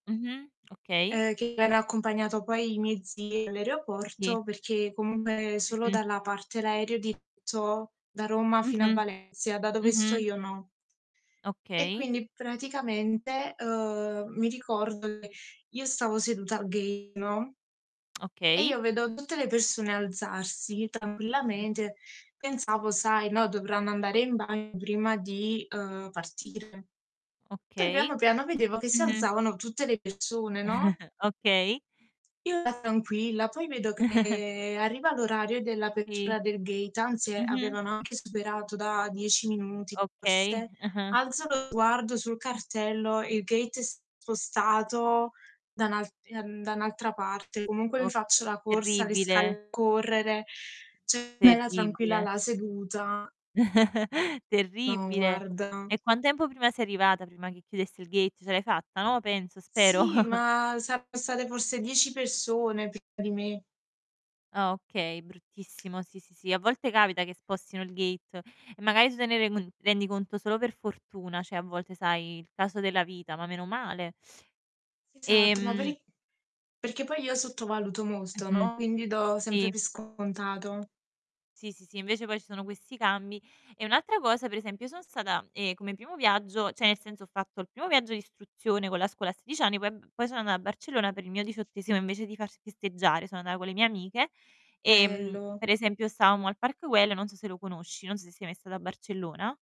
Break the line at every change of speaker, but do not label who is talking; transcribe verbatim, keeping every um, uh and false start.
Mh mh. Okay.
Eh che era accompagnato poi i miei zii
Sì.
all'aeroporto perché comungue
Mh
solo
mh.
dalla parte l'aereo di [unintelligible] da Roma fino a
Mh-mh,
Valencia, da dove sto
mh-mh.
io no. E
Okay.
quindi praticamente, uhm, mi ricordo che io stavo seduta al gate, no e
Okay.
io vedo tutte le persone alzarsi tranquillamente. Pensavo, sai: "No, dovranno andare in bagno prima di, ehm, partire." Poi piano
Okay.
piano vedevo che si
Mh-mh.
alzavano tutte le persone, no?
Okay.
Io ero tranquilla, poi vedo che arriva l'orario
Sì.
dell'apertura del gate, anzi
Mh-mh.
avevano anche superato da dieci minuti
Okay.
forse.
Ah-ah.
Alzo lo sguardo sul cartello, il gate è spostato da un'al ehm, da un'altra parte. Comunque mi
Ok
faccio la corsa, le
terribile.
scale correre. ceh era tranquilla
Terribile.
là seduta No,
Terribile.
guarda.
E quan tempo prima sei arrivata, prima che chiudesse il gate? Ce l'hai fatta, no, penso, spero.
Sì, ma saranno state forse dieci persone prima di me.
Ah, okay. Bruttissimo, sì, sì, sì. A volte capita che spostino il gate e magari tu te ne rend uhm, rendi conto solo per fortuna, ceh a volte sai, il caso della vita, ma meno male.
Esatto, ma per
Ehm
i perché poi io sottovaluto
Mh
molto
mh,
no, quindi do sempre
sì.
per scontato.
Sì, sì, sì, invece poi ci sono questi cambi e un'altra cosa: per esempio, io son stata, ehm, come primo viaggio ceh nel senso ho fatto il primo viaggio d'istruzione con la scuola a sedic anni, poi eb poi so' annà a Barcellona per il mio diciottesimo invece di far festeggiare, so' annà con le mie amiche, ehm,
Bello.
per esempio, stavamo al Park Güell, non so se lo conosci, non so se sei mai stata a Barcellona